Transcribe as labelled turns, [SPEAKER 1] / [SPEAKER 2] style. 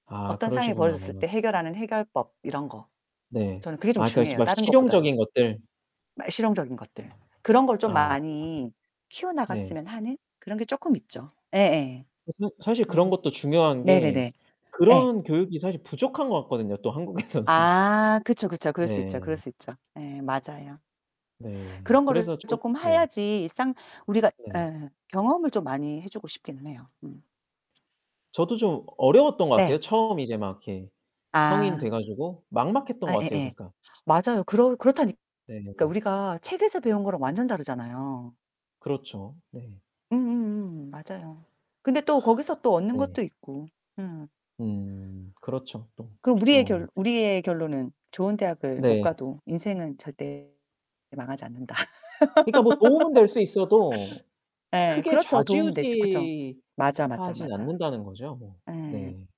[SPEAKER 1] 아
[SPEAKER 2] 어떤 상황이
[SPEAKER 1] 그러시구나.
[SPEAKER 2] 벌어졌을 때 해결하는 해결법 이런 거.
[SPEAKER 1] 네.
[SPEAKER 2] 저는 그게 좀
[SPEAKER 1] 아 그러니까
[SPEAKER 2] 중요해요
[SPEAKER 1] 막
[SPEAKER 2] 다른 것보다도.
[SPEAKER 1] 실용적인 것들.
[SPEAKER 2] 말 실용적인 것들. 그런 걸 좀
[SPEAKER 1] 아
[SPEAKER 2] 많이
[SPEAKER 1] [unintelligible]
[SPEAKER 2] 키워
[SPEAKER 1] 네.
[SPEAKER 2] 나갔으면 하는? 그런 게 쪼끔 있죠. 예예.
[SPEAKER 1] [unintelligible] 사실 그런
[SPEAKER 2] 음.
[SPEAKER 1] 것도 중요한 게
[SPEAKER 2] 네네네. 예.
[SPEAKER 1] 그런 교육이 사실 부족한 것 같거든요 또 한국에서는.
[SPEAKER 2] 아 그쵸, 그쵸. 그럴 수 있죠 그럴
[SPEAKER 1] 네.
[SPEAKER 2] 수 있죠. 예 맞아요.
[SPEAKER 1] 네
[SPEAKER 2] 그런 거를
[SPEAKER 1] 그래서 저
[SPEAKER 2] 조금
[SPEAKER 1] 네.
[SPEAKER 2] 해야지 일상 우리가
[SPEAKER 1] 네.
[SPEAKER 2] 예. 경험을 좀 많이 해 주고 싶기는 해요. 음.
[SPEAKER 1] 저도 좀 어려웠던 것
[SPEAKER 2] 네.
[SPEAKER 1] 같아요. 처음 이제 막 이렇게 성인
[SPEAKER 2] 아.
[SPEAKER 1] 돼 가지고 막막했던
[SPEAKER 2] 아
[SPEAKER 1] 것 같아요
[SPEAKER 2] 예예
[SPEAKER 1] 그러니까.
[SPEAKER 2] 맞아요 그러 그렇다니
[SPEAKER 1] 네.
[SPEAKER 2] 그러니까 우리가 책에서 배운 거랑 완전 다르잖아요.
[SPEAKER 1] 그렇죠. 네.
[SPEAKER 2] 응응응 맞아요. 근데 또 거기서 또 얻는 것도
[SPEAKER 1] 네.
[SPEAKER 2] 있고. 응.
[SPEAKER 1] 음 그렇죠 또.
[SPEAKER 2] 그럼 우리의 결
[SPEAKER 1] 어.
[SPEAKER 2] 우리의 결론은 '좋은 대학을 못
[SPEAKER 1] 네.
[SPEAKER 2] 가도 인생은 절대 망하지 않는다.'
[SPEAKER 1] 그니까 뭐 도움은 될 수 있어도
[SPEAKER 2] 예
[SPEAKER 1] 크게
[SPEAKER 2] 그렇죠. 도움은 될 수 그쵸. 맞아, 맞아,
[SPEAKER 1] 좌지우지하진
[SPEAKER 2] 맞아.
[SPEAKER 1] 않는다는 거죠 뭐.
[SPEAKER 2] 예.
[SPEAKER 1] 네.